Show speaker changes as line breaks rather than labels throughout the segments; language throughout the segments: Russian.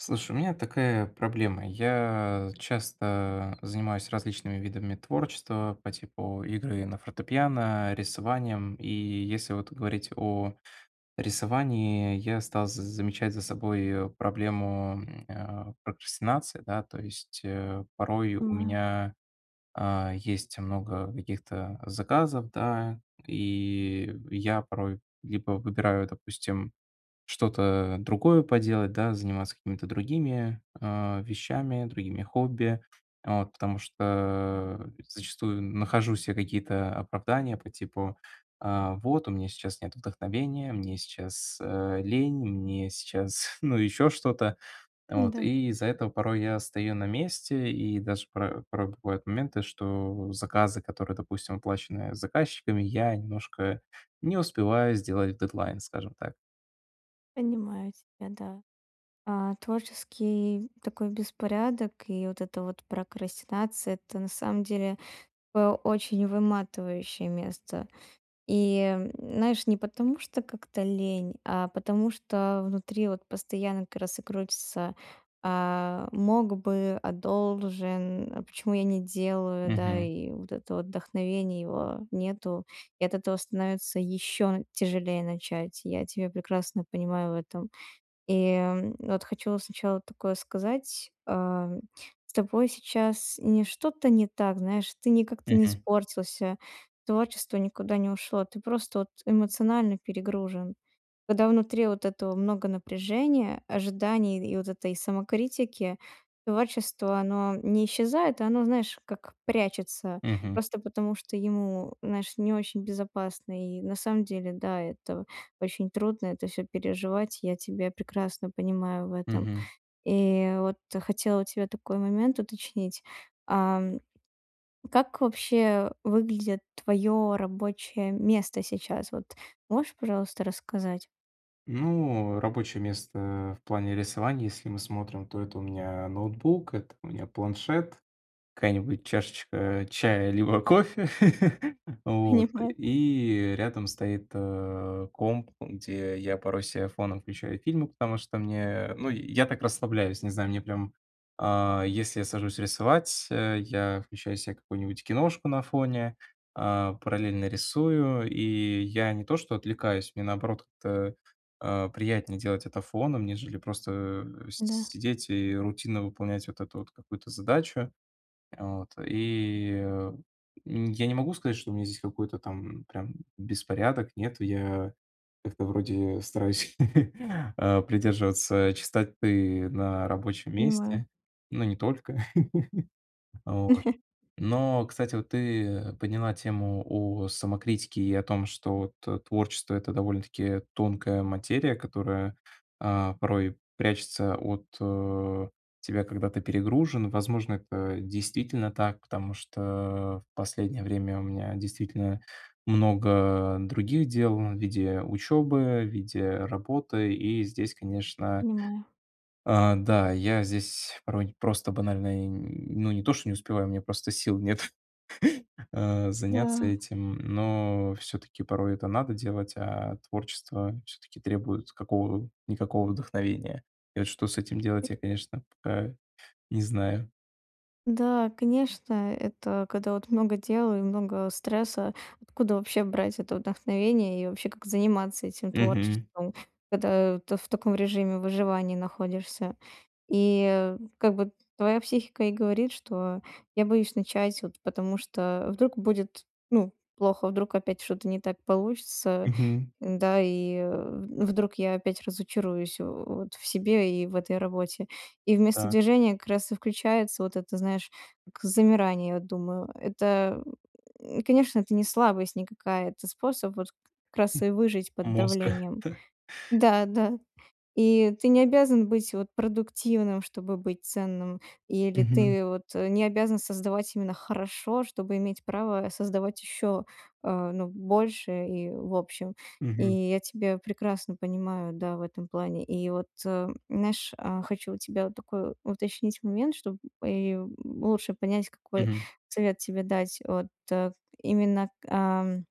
Слушай, у меня такая проблема: я часто занимаюсь различными видами творчества по типу игры на фортепиано, рисованием. И если вот говорить о рисовании, я стал з замечать за собой проблему, м, э, прокрастинации, да. То есть, э, порой у
Понимаю.
меня, а, есть много каких-то заказов, да. И я порой либо выбираю, допустим, что-то, э, другое поделать, да, заниматься какими-то другими, э, вещами, другими хобби. Вот потому что, э, зачастую нахожу се какие-то оправдания по типу: а, вот у меня сейчас нет вдохновения, мне сейчас, э, лень, мне сейчас, ну ещё что-то. Вот
М-да.
и из-за этого порой я стою на месте и даже пра правда бывают моменты, что заказы, которые, допустим, оплачены заказчиками, я немножко не успеваю сделать в дедлайн, скажем так.
Понимаю тебя, да. А, творческий такой беспорядок и вот эта вот прокрастинация- это на самом деле, э, очень выматывающее место. И, м, знаешь, не потому, что как-то лень, а потому что внутри вот постоянно как раз и крутится: "А мог бы, а должен, а почему я не делаю, да?"
Мгм.
И вот это вот вдохновение, его нету, и от этого становится ещё тяжелее начать. Я тебя прекрасно понимаю в этом. И, м, вот хочу сначала такое сказать: а, м, с тобой сейчас не что-то не так. Знаешь, ты не как-то не
Мгм.
испортился. Творчество никуда не ушло. Ты просто вот эмоционально перегружен. Когда внутри вот этого много напряжения, ожиданий и д вот этой самокритики, творчество, оно не исчезает, оно, знаешь как, прячется
Мгм.
просто потому что ему, знаешь, не очень безопасно. И на самом деле, да, это очень трудно, это всё переживать. Я тебя прекрасно понимаю в этом.
Мгм.
И вот хотела у тебя такой момент уточнить. Ам, как вообще выглядит твое рабочее место сейчас? Вот можешь, пожалуйста, рассказать?
Ну рабочее место в плане рисования, если мы смотрим, то это у меня ноутбук, это у меня планшет, какая-нибудь чашечка чая либо кофе. Вот.
Понимаю.
И рядом стоит, э, комп, ам где я порой се фоном включаю фильмы, потому что мне ну я так расслабляюсь, не знаю, мне прям, а, если я сажусь рисовать, э, я включаю себе какую-нибудь киношку на фоне, а, параллельно рисую. И я не то что отвлекаюсь мне, наоборот, как-то, а, приятнее делать это фоном, нежели просто с
Да.
сидеть и рутинно выполнять вот эту вот какую-то задачу. Вот. И, э, м, я не могу сказать, что у меня здесь какой-то там прям беспорядок. Нет, я как-то вроде стараюсь, а, придерживаться чистоты на рабочем
Понимаю.
месте. Ну не только. Вот. Но, кстати, вот ты подняла тему о самокритике и о том, что вот, э, творчество- это довольно-таки тонкая материя, которая, а, порой прячется от, э, тебя, когда ты перегружен. Возможно, это действительно так, потому что в последнее время у меня действительно много других дел в виде учёбы, в виде работы. И здесь, конечно
Понимаю.
А, да, я здесь порой не просто банально и н ну, не то что не успеваю, у меня просто сил нет. А заняться
Да.
этим, но всё-таки порой это надо делать. А творчество всё-таки требует какого-никакого вдохновения. И вот что с этим
И
делать, я, конечно, пока не знаю.
Да, конечно. Это когда вот много дел и много стресса, откуда вообще брать это вдохновение? И вообще, как заниматься этим
Мгм.
творчеством, когда ты в таком режиме выживания находишься и, э, как бы твоя психика и говорит, что: "Я боюсь начать, вот потому что вдруг будет, ну плохо, вдруг опять что-то не так получится,
Мгм.
н-да? И, э, вдруг я опять разочаруюсь, э, вот в себе и в этой работе". И вместо
Так.
движения как раз и включается вот это, знаешь, как замирание, я думаю, это, м, конечно, это не слабость никакая, это способ вот как раз
М,
и выжить под
мозга
давлением.
да.
Да, да. И ты не обязан быть вот продуктивным, чтобы быть ценным. Или
Мгм.
ты вот, э, не обязан создавать именно хорошо, чтобы иметь право создавать ещё, а, ну больше. И в общем, и
Мгм.
я тебя прекрасно понимаю, да, в этом плане. И вот, эм, знаешь, а, хочу у тебя такой уточнить момент, чтоб и, м, лучше понять, какой
Мгм.
совет тебе дать. Вот, э, именно, ам,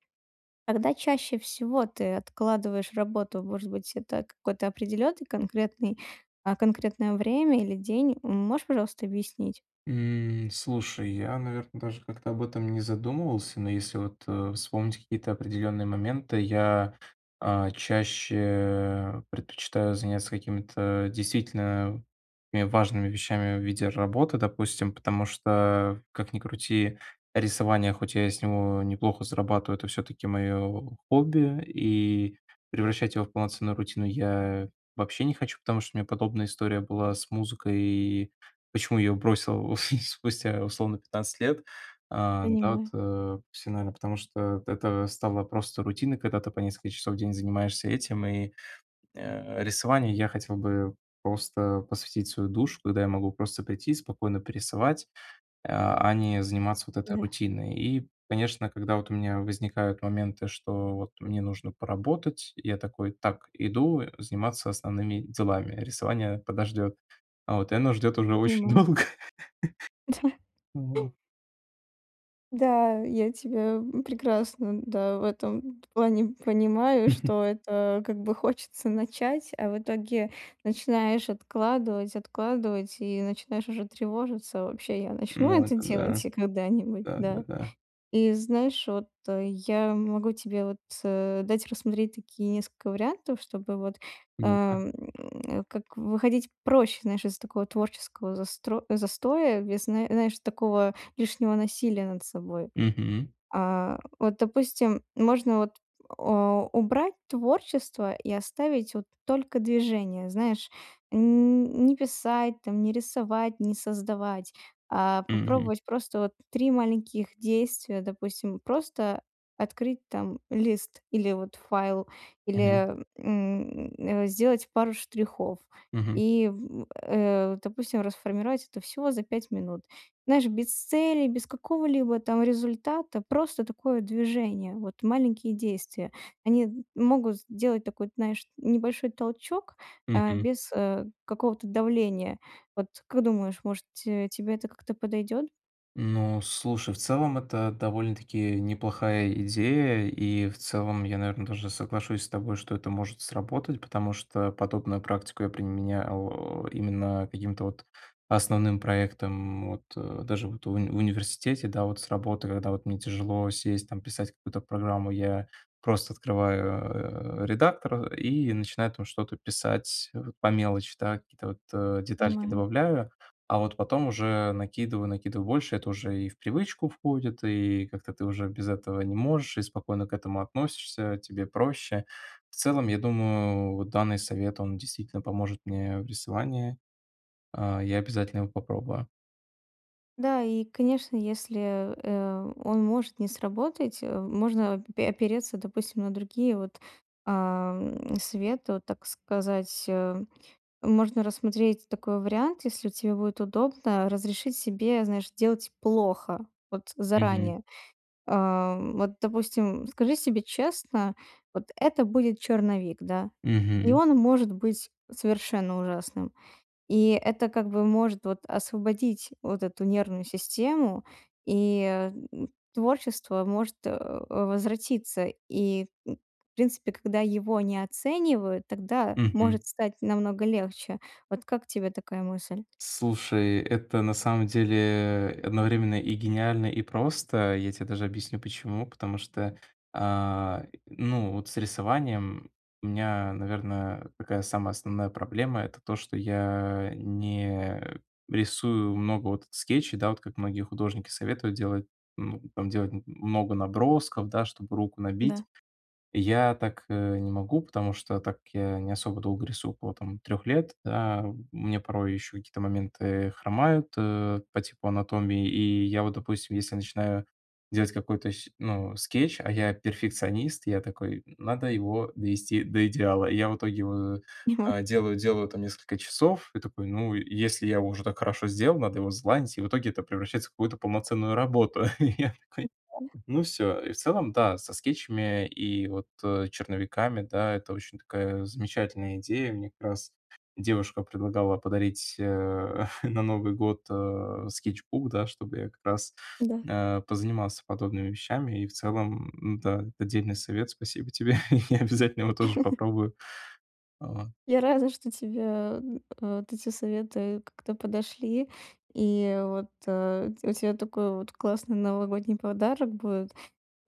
когда чаще всего ты откладываешь работу? Может быть, это какой-то определенный конкретный, а, конкретное время или день? М, можешь, пожалуйста, объяснить?
М, слушай, я, наверно, даже как-то об этом не задумывался. Но если вот, э, вспомнить какие-то определённые моменты, я, а, чаще предпочитаю заняться какими-то действительно, э, важными вещами в виде работы, допустим. Потому что, как ни крути, рисование, хоть я и с него неплохо зарабатываю, это всё-таки моё хобби, и превращать его в полноценную рутину я вообще не хочу, потому что у меня подобная история была с музыкой. И почему её бросил спустя условно 15 лет? А, да, вот,
Понимаю.
э, всё, наверно, потому, что это стало просто рутиной, когда ты по несколько часов в день занимаешься этим. И, э, рисованию я хотел бы просто посвятить свою душу, когда я могу просто прийти спокойно порисовать, э, а не заниматься вот этой
Да.
рутиной. И, конечно, когда вот у меня возникают моменты, что вот мне нужно поработать, я такой: "Так, иду, э, заниматься основными делами. Рисование подождёт". Вот и оно ждёт уже очень
Понимаю.
долго. Вот.
Да, я тебя, м, прекрасно, да, в этом т плане понимаю, что это как бы хочется начать, а в итоге начинаешь откладывать, откладывать и начинаешь уже тревожиться: вообще я начну
Ну,
это
это
делать
да.
и когда-нибудь,
Да, да,
да?
да.
И знаешь, вот, э, я могу тебе вот, э, дать рассмотреть такие несколько вариантов, чтобы вот,
Ну-ка?
эм. Как выходить проще, знаешь, из такого творческого застро застоя без, знае знаешь, такого лишнего насилия над собой.
Мгм.
А, вот, допустим, можно, вот, э, убрать творчество и оставить вот только движение. Знаешь, нь нь не писать там, не рисовать, не создавать, а
Мгм.
попробовать просто вот три маленьких действия. Допустим, просто открыть там лист или вот файл,
Мгм.
или, м, э, сделать пару штрихов
Мгм.
и, в, э, допустим, расформировать это всего за 5 минут. Знаешь, без цели, без какого-либо там результата. Просто такое движение. Вот маленькие действия они, м, могут сделать такой, знаешь, небольшой толчок, э,
Мгм.
без, э, какого-то давления. Вот как думаешь, может, ть тебе это как-то подойдёт?
Ну слушай, в целом это довольно-таки неплохая идея. И в целом я, наверно, даже соглашусь с тобой, что это может сработать. Потому что подобную практику я применял, э, именно к каким-то вот основным проектам вот, э, даже вот в уни в университете, да. Вот с работой, когда вот мне тяжело сесть, там писать какую-то программу, я просто открываю, э, редактор, э, и начинаю там что-то писать вот по мелочи, да, какие-то вот, э, детальки
Понимаю.
добавляю. А вот потом уже накидываю, накидываю больше. Это уже и в привычку входит, и как-то ты уже без этого не можешь и спокойно к этому относишься. Тебе проще. В целом, я думаю, вот данный совет, он действительно поможет мне в рисовании. А, я обязательно его попробую.
Да. И конечно, если, э, он может не сработать, э, можно пе опереться, допустим, на другие вот, ам, советы. Вот, так сказать, э, можно рассмотреть такой вариант, если вот тебе будет удобно- разрешить себе, знаешь, делать плохо. Вот
Мгм.
заранее. А, вот, допустим, скажи себе честно: вот это будет черновик, да. И
Мгм.
он может быть совершенно ужасным. И это как бы может вот освободить вот эту нервную систему, и, э, м, творчество может, э, возвратиться. И, м, в принципе, когда его не оценивают, тогда
Мгм.
может стать намного легче. Вот как тебе такая мысль?
Слушай, это на самом деле одновременно и гениально, и просто. Я те даже объясню, почему. Потому что, а, и, ну вот с рисованием у меня, наверно, такая самая основная проблема- это то, что я не рисую много вот скетчей. Да, вот как многие художники советуют делать, ну там, делать м много набросков, да, чтобы руку набить.
Да.
Я так, э, не могу, потому что так я не особо долго рисую, около там 3 лет. Да, у меня порой еще какие-то моменты хромают, э, по типу анатомии. И я вот, допустим, если начинаю делать какой-то сь ну, скетч, а я перфекционист, я такой: "Надо его довести до идеала". И я в итоге его,
Понимаю.
а, делаю, делаю там несколько часов и такой: "Ну, если я его уже так хорошо сделал, надо его залайнить". И в итоге это превращается в какую-то полноценную работу. И я такой:
[unintelligible]
"Ну, всё". И в целом, да, со скетчами и вот, э, черновиками, да, это очень такая замечательная идея. Мне как раз девушка предлагала подарить, э, на Новый год, э, скетчбук, да, чтобы я как раз,
Да.
э, позанимался подобными вещами. И в целом, да, это дельный совет. Спасибо тебе. Я обязательно его тоже попробую. Вот.
Я рада, что тебе, м, э, вот эти советы как-то подошли. И вот, э, тя у тя такой вот классный новогодний подарок будет.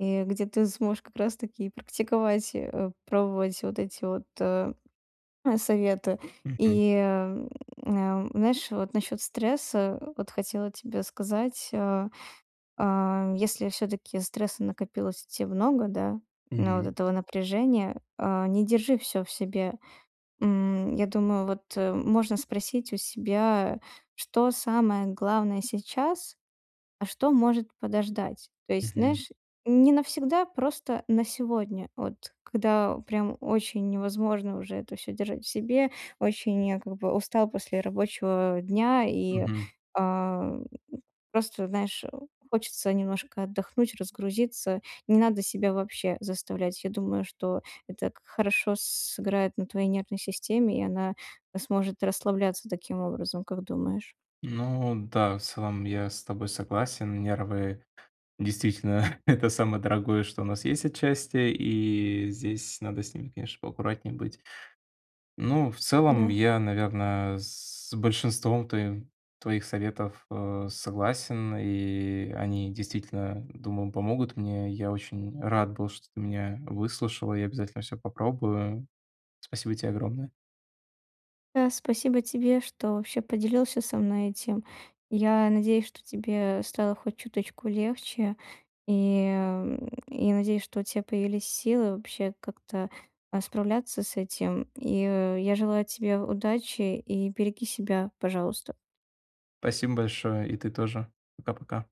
И где ты сможешь как раз таки и практиковать, э, пробовать вот эти вот, э, советы.
Мгм.
И, э, м, э, знаешь, вот насчёт стресса вот хотела тебе сказать. Э, а, если всё-таки стресса накопилось у тя много, да, а, вот
Мгм.
этого напряжения, э, не держи всё в себе. М, я думаю вот, э, можно спросить у себя, что самое главное сейчас, а что может подождать. То есть,
Мгм.
знаешь, не навсегда, просто на сегодня. Вот когда прям очень невозможно уже это всё держать в себе. Очень я как бы устал после рабочего дня и,
Мгм.
а, м, просто, знаешь, э, хочется немножко отдохнуть, разгрузиться. Не надо себя вообще заставлять. Я думаю, что это как хорошо сыграет на твоей нервной системе, и она, э, сможет расслабляться таким образом. Как думаешь?
Ну да, в целом я с тобой согласен. Нервы, действительно,- это самое дорогое, что у нас есть отчасти. И здесь надо с ними, конечно, поаккуратнее быть. Ну в целом
М-да.
я, наверно, с большинством твоим твоих советов, э, согласен. И они действительно, думаю, помогут мне. Я очень рад был, что ты меня выслушала, я обязательно всё попробую. Спасибо те огромное.
Да. Спасибо тебе, что вообще поделился со мной этим. Я надеюсь, что тебе стало хоть чуточку легче. И, а, м, я надеюсь, что у тя появились силы вообще как-то, а, справляться с этим. И, э, я желаю тебе удачи. И береги себя, пожалуйста.
Спасибо большое. И ты тоже. Пока, пока.